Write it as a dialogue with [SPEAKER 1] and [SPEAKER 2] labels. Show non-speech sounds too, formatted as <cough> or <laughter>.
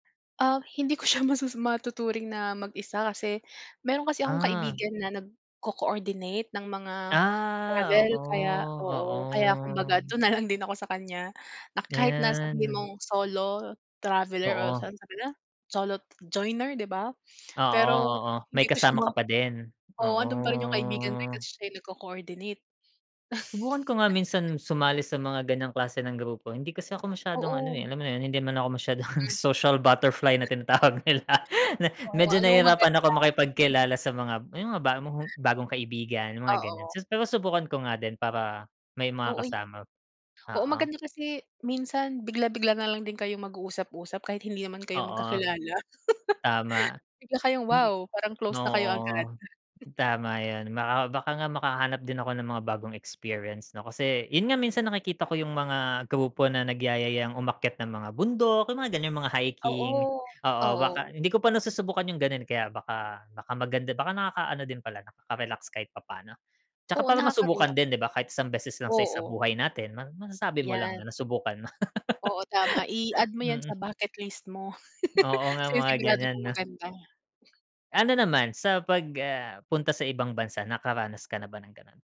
[SPEAKER 1] Ah, hindi ko siya masasa matuturing na mag-isa kasi, meron kasi akong
[SPEAKER 2] Ah.
[SPEAKER 1] kaibigan na nagko-coordinate ng mga
[SPEAKER 2] Ah.
[SPEAKER 1] travel. Kaya
[SPEAKER 2] Oo,
[SPEAKER 1] oo. Kaya kumbaga
[SPEAKER 2] oo.
[SPEAKER 1] doon na lang din ako sa kanya na kahit na sabihin
[SPEAKER 2] Ayan.
[SPEAKER 1] mong solo traveler o
[SPEAKER 2] Oo.
[SPEAKER 1] sa <unintelligible> solo joiner, di ba? <gasps>
[SPEAKER 2] Oo,
[SPEAKER 1] Pero,
[SPEAKER 2] oo. May
[SPEAKER 1] hindi ko siya
[SPEAKER 2] kasama
[SPEAKER 1] ma
[SPEAKER 2] ka pa din.
[SPEAKER 1] oo,
[SPEAKER 2] Oo.
[SPEAKER 1] nando'n pa rin yung kaibigan ko kasi siya nagko-coordinate.
[SPEAKER 2] Subukan ko nga minsan sumali sa mga ganyang klase ng grupo. Hindi kasi ako masyadong ano
[SPEAKER 1] Oo.
[SPEAKER 2] eh, alam mo na 'yon hindi man ako masyadong
[SPEAKER 1] Hmm.
[SPEAKER 2] "social butterfly" na tinatawag nila. Me
[SPEAKER 1] Oo.
[SPEAKER 2] medyo
[SPEAKER 1] Alam mo
[SPEAKER 2] nahirapan
[SPEAKER 1] maganda.
[SPEAKER 2] ako
[SPEAKER 1] <chuckles>
[SPEAKER 2] makipagkilala sa mga yung mga ba bagong kaibigan, mga gano'n.
[SPEAKER 1] Oo.
[SPEAKER 2] Pero subukan ko nga din para may
[SPEAKER 1] Oo, ya
[SPEAKER 2] makakasama,
[SPEAKER 1] Oo,
[SPEAKER 2] oo.
[SPEAKER 1] maganda kasi minsan bigla-bigla na lang din kayong mag-uusap-usap kahit hindi naman kayo
[SPEAKER 2] Oo.
[SPEAKER 1] magkakilala. <laughs>
[SPEAKER 2] Tama.
[SPEAKER 1] Bigla kayong,
[SPEAKER 2] Hindi
[SPEAKER 1] wow, parang close na kayo agad.
[SPEAKER 2] oo, tama 'yon. Baka baka nga makahanap din ako ng mga bagong experience, 'no? Kasi, 'yon nga minsan nakikita ko yung mga grupo na nagyayayang umakyat ng mga bundok. Yung mga ganyang mga hiking.
[SPEAKER 1] Oo.
[SPEAKER 2] Oo,
[SPEAKER 1] Oo.
[SPEAKER 2] baka hindi ko pa nasusubukan yung gano'n eh, kaya baka baka maganda, baka nakaka-ano din pala, nakaka-relax kahit papaano. 'Tsaka
[SPEAKER 1] Oo,
[SPEAKER 2] para masubukan
[SPEAKER 1] nakaka-relax.
[SPEAKER 2] din di ba? Kahit isang beses lang sa isa
[SPEAKER 1] Oo.
[SPEAKER 2] buhay natin, masasabi mo lang
[SPEAKER 1] Yan.
[SPEAKER 2] na nasubukan mo.
[SPEAKER 1] Oo, tama,
[SPEAKER 2] <laughs>
[SPEAKER 1] i-add mo 'yan sa
[SPEAKER 2] Mhm.
[SPEAKER 1] bucket list mo.
[SPEAKER 2] Oo nga,
[SPEAKER 1] <laughs>
[SPEAKER 2] mga
[SPEAKER 1] Sinisigurado
[SPEAKER 2] ganyan,
[SPEAKER 1] kong
[SPEAKER 2] 'no?
[SPEAKER 1] maganda.
[SPEAKER 2] Ano naman, sa pag, ah punta sa ibang bansa, nakaranas ka na ba ng gano'n?